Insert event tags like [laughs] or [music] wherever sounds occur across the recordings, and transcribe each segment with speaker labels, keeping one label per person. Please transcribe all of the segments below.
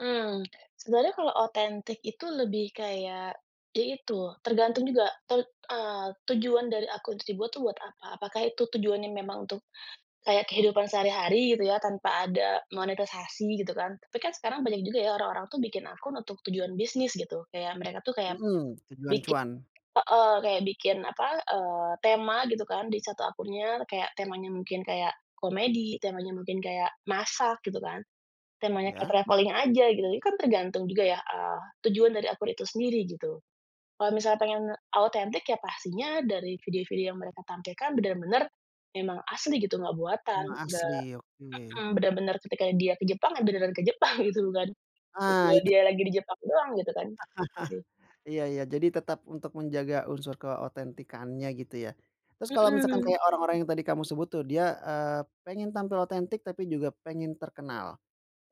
Speaker 1: Eee. Sebenarnya kalau otentik itu lebih kayak, ya itu, tergantung juga ten eee, tujuan dari akun itu dibuat tuh buat apa? Apakah itu tujuannya memang untuk kayak kehidupan sehari-hari gitu ya, tanpa ada monetisasi, gitu kan. Tapi kan sekarang banyak ya juga orang-orang tuh bikin akun untuk tujuan bisnis, gitu. Kayak, mereka tuh kayak
Speaker 2: Mhm, tujuan
Speaker 1: bikin
Speaker 2: cuan.
Speaker 1: heeh, kayak bikin, apa, eee, tema gitu kan di satu akunnya, kayak temanya mungkin kayak komedi, temanya mungkin kayak masak, gitu kan. Temanya kayak
Speaker 2: Ya?
Speaker 1: traveling aja, gitu, itu kan tergantung juga ya, eee, tujuan dari akun itu sendiri, gitu. Kalau misalnya pengen autentik, ya pastinya dari video-video yang mereka tampilkan benar-benar memang asli gitu, nggak buatan,
Speaker 2: Emang
Speaker 1: nggak
Speaker 2: asli, oke.
Speaker 1: heeh, benar-benar ketika dia ke Jepang, ya beneran ke Jepang, gitu, bukan,
Speaker 2: Ah!
Speaker 1: video
Speaker 2: Itu
Speaker 1: dia lagi di jepang doang, gitu kan? Sih.
Speaker 2: [chuckles] Iya, iya jadi tetap untuk menjaga unsur keotentikannya gitu ya. Terus kalau misalkan
Speaker 1: Mhm.
Speaker 2: kayak orang-orang yang tadi kamu sebut tuh dia, eee, pengen tampil otentik tapi juga pengen terkenal,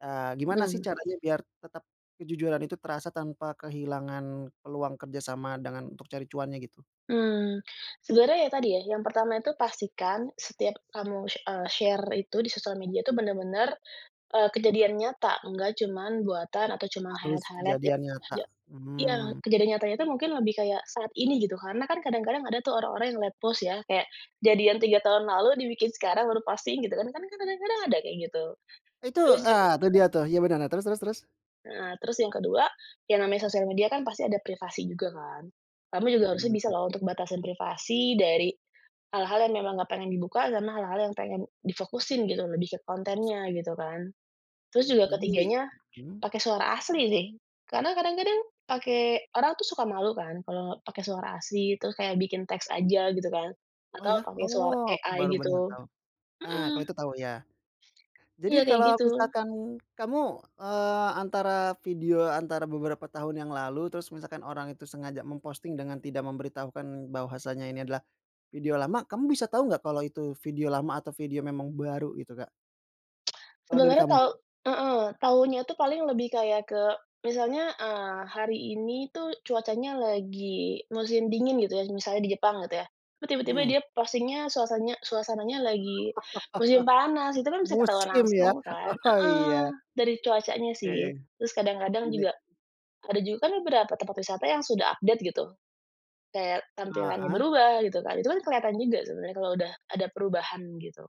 Speaker 2: eee, gimana sih
Speaker 1: Mmm.
Speaker 2: caranya biar tetap kejujuran itu terasa tanpa kehilangan peluang kerjasama dengan untuk cari cuannya gitu?
Speaker 1: Mmm, sebenarnya ya tadi ya, yang pertama itu pastikan setiap kamu sh eee, share itu, di sosial media itu, benar-benar, eee, kejadian nyata, nggak cuma buatan atau cuma
Speaker 2: Harus
Speaker 1: highlight-highlight, yang
Speaker 2: kejadian nyata,
Speaker 1: tidak iya,
Speaker 2: mmm.
Speaker 1: kejadian nyatanya itu mungkin lebih kayak saat ini gitu. Karena kan kadang-kadang ada tuh orang-orang yang late post, ya, kayak kejadian 3 tahun lalu, dibikin sekarang baru posting, gitu kan. Kan kadang-kadang ada kayak gitu.
Speaker 2: Itu
Speaker 1: Terus ju
Speaker 2: eee, tuh dia tuh. Ya, benar, nah, terus terus terus?
Speaker 1: Heeh, terus yang ke-2, yang namanya sosial media kan pasti ada privasi juga, kan? Kamu juga harusnya
Speaker 2: Mhm,
Speaker 1: bisa
Speaker 2: hmm.
Speaker 1: loh untuk batasin privasi dari hal-hal yang memang nggak pengen dibuka, sama hal-hal yang pengen difokusin gitu, lebih ke
Speaker 2: Difokuskan.
Speaker 1: kontennya, gitu kan. Terus juga
Speaker 2: Jadi
Speaker 1: ke-3-nya,
Speaker 2: hmm?
Speaker 1: pakai suara asli, sih. Karena kadang-kadang pakai orang tuh suka malu kan kalau pakai suara asli, terus kayak bikin teks aja, gitu kan?
Speaker 2: Oh,
Speaker 1: Atau
Speaker 2: ya?
Speaker 1: pakai suara
Speaker 2: Oh! Aku baru
Speaker 1: AI,
Speaker 2: bener,
Speaker 1: gitu.
Speaker 2: tahu. Nah, kalau
Speaker 1: Mhm.
Speaker 2: itu tahu, ya. Jadi,
Speaker 1: Iya, kaya
Speaker 2: kalau
Speaker 1: gitu.
Speaker 2: misalkan kamu, eee, antara video antara beberapa tahun yang lalu, terus misalkan orang itu sengaja memposting dengan tidak memberitahukan bahwasanya ini adalah video lama, kamu bisa tahu nggak kalau itu video lama atau video memang baru, gitu, Kak?
Speaker 1: [tsk]
Speaker 2: Kalau dari
Speaker 1: Sebenarnya
Speaker 2: kamu
Speaker 1: tau
Speaker 2: nih?
Speaker 1: heeh. Taunya itu paling lebih kayak ke misalnya, eee, hari ini itu cuacanya lagi musim dingin gitu ya, misalnya di Jepang gitu ya. Itu tiba-tiba
Speaker 2: Mmm.
Speaker 1: dia postingnya suasanya suasananya
Speaker 2: [laughs]
Speaker 1: lagi musim panas, itu kan bisa ketahuan
Speaker 2: Musim, ya?
Speaker 1: langsung, kan?
Speaker 2: Oh,
Speaker 1: Heeh.
Speaker 2: iya.
Speaker 1: Dari cuacanya
Speaker 2: Oke.
Speaker 1: sih. Terus kadang-kadang juga,
Speaker 2: [unintelligible]
Speaker 1: ada juga kan beberapa tempat wisata yang sudah update, gitu. Kayak tampilannya
Speaker 2: Heeh?
Speaker 1: berubah gitu kan, itu kan kelihatan juga sebenarnya kalau udah ada perubahan, gitu.